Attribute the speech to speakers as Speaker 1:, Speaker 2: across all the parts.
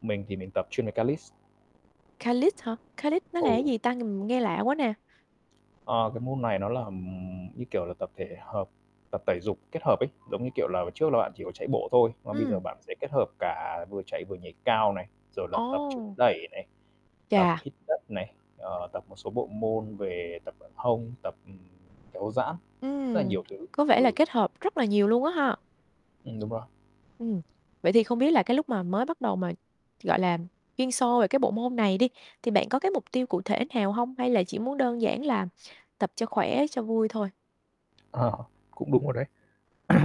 Speaker 1: Mình thì mình tập chuyên về calisthenics.
Speaker 2: Calisthenics hả? Calisthenics nó là cái
Speaker 1: Ồ.
Speaker 2: gì ta? Ng nghe lạ quá nè.
Speaker 1: Ờ, cái môn này nó là, ừm, như kiểu là tập thể hợp tập tẩy dục kết hợp ấy, giống như, kiểu là, trước là bạn chỉ có chạy bộ thôi, mà bây
Speaker 2: Ừm.
Speaker 1: giờ bạn sẽ kết hợp cả vừa chạy vừa nhảy cao này, rồi là tập chống
Speaker 2: Ồ!
Speaker 1: đẩy này, tập
Speaker 2: Chà!
Speaker 1: hít đất này, ờ, tập một số bộ môn về tập ở hông, tập, ừm, kéo giãn, rất là
Speaker 2: Ừm,
Speaker 1: nhiều thứ
Speaker 2: có vẻ là
Speaker 1: ừ.
Speaker 2: kết hợp rất là nhiều luôn á ha?
Speaker 1: Ừm, đúng rồi.
Speaker 2: Ừm. Vậy thì không biết là cái lúc mà mới bắt đầu mà, gọi là, chuyên sâu về cái bộ môn này đi, thì bạn có cái mục tiêu cụ thể nào hông? Hay là chỉ muốn đơn giản là tập cho khỏe, cho vui thôi?
Speaker 1: Ờ, cũng đúng rồi đấy.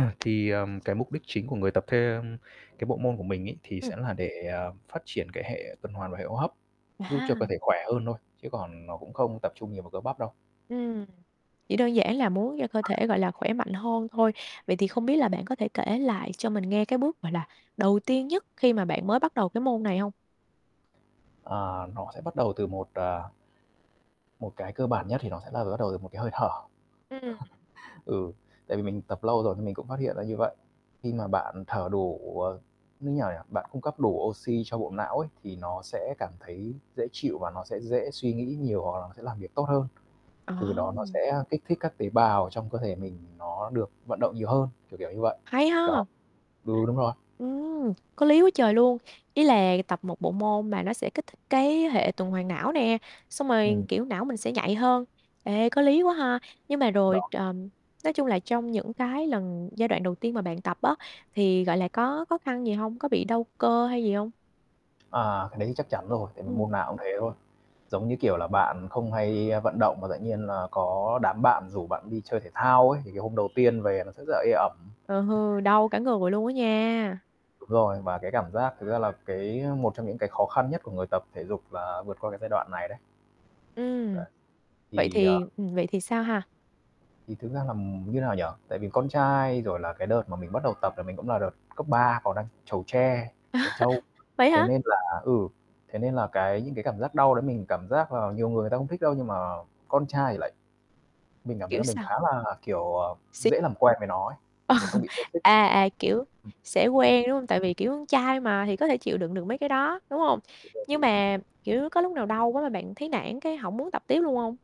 Speaker 1: Thì, ờm, cái mục đích chính của người tập thêm cái bộ môn của mình ấy, thì
Speaker 2: Ừm.
Speaker 1: sẽ là để, à, phát triển cái hệ tuần hoàn và hệ hô hấp, giúp cho cơ
Speaker 2: À!
Speaker 1: thể khỏe hơn thôi, chứ còn nó cũng không tập trung nhiều vào cơ bắp đâu.
Speaker 2: Ừm, chỉ đơn giản là muốn cho cơ thể, gọi là, khỏe mạnh hơn thôi. Vậy thì không biết là bạn có thể kể lại cho mình nghe cái bước, gọi là, đầu tiên nhất khi mà bạn mới bắt đầu cái môn này hông?
Speaker 1: À, nó sẽ bắt đầu từ một, à một cái cơ bản nhất thì nó sẽ là bắt đầu từ một cái hơi thở.
Speaker 2: Ừm.
Speaker 1: Ừ, tại vì mình tập lâu rồi thì mình cũng phát hiện ra như vậy. Khi mà bạn thở đủ, ờ, như nào nhỉ? Bạn cung cấp đủ oxy cho bộ não ấy, thì nó sẽ cảm thấy dễ chịu và nó sẽ dễ suy nghĩ nhiều hoặc là nó sẽ làm việc tốt hơn.
Speaker 2: Ờ!
Speaker 1: Từ đó nó sẽ kích thích các tế bào trong cơ thể mình nó được vận động nhiều hơn, kiểu kiểu như vậy.
Speaker 2: Hay
Speaker 1: Đó
Speaker 2: ha!
Speaker 1: ừ, đúng rồi.
Speaker 2: Ừm, có lý quá trời luôn. Ý là tập một bộ môn mà nó sẽ kích thích cái hệ tuần hoàn não nè, xong rồi,
Speaker 1: Ừm.
Speaker 2: kiểu, não mình sẽ nhạy hơn. Ê, có lý quá ha! Nhưng mà rồi
Speaker 1: Đó.
Speaker 2: ch ờm, nói chung là trong những cái lần giai đoạn đầu tiên mà bạn tập á, thì, gọi là, có khó khăn gì hông? Có bị đau cơ hay gì hông?
Speaker 1: À, cái đấy thì chắc chắn rồi, tại vì
Speaker 2: Ừm.
Speaker 1: môn nào cũng thế thôi, giống như, kiểu là, bạn không hay, a, vận động mà tự nhiên là có đám bạn rủ bạn đi chơi thể thao ấy, thì cái hôm đầu tiên về nó sẽ rất là ê ẩm.
Speaker 2: Ờ, hư đau cả người luôn á nha.
Speaker 1: Đúng rồi, và cái cảm giác thực ra là cái một trong những cái khó khăn nhất của người tập thể dục là vượt qua cái giai đoạn này đấy.
Speaker 2: Ừm,
Speaker 1: Đấy.
Speaker 2: vậy
Speaker 1: Thì, ờ
Speaker 2: thì ừm, vậy thì sao ha?
Speaker 1: Thì thực ra làm như nào nhỉ? Tại vì con trai, rồi là cái đợt mà mình bắt đầu tập là mình cũng là đợt cấp 3 còn đang trẩu tre, trẻ trâu,
Speaker 2: Vậy
Speaker 1: thế
Speaker 2: hả?
Speaker 1: nên là ừ, thế nên là cái những cái cảm giác đau đấy mình cảm giác là nhiều người người ta không thích đâu nhưng mà con trai thì lại mình cảm thấy
Speaker 2: Kiểu
Speaker 1: là mình
Speaker 2: sao?
Speaker 1: khá là, kiểu, à,
Speaker 2: Xi
Speaker 1: dễ làm quen với nó ấy, mình không bị toxic.
Speaker 2: À, à, kiểu,
Speaker 1: Ừm.
Speaker 2: sẽ quen đúng hông? Tại vì kiểu trai mà, thì có thể chịu đựng được mấy cái đó, đúng hông?
Speaker 1: Ô kê bạn.
Speaker 2: Nhưng mà, kiểu, có lúc nào đau quá mà bạn thấy nản, cái hổng muốn tập tiếp luôn hông?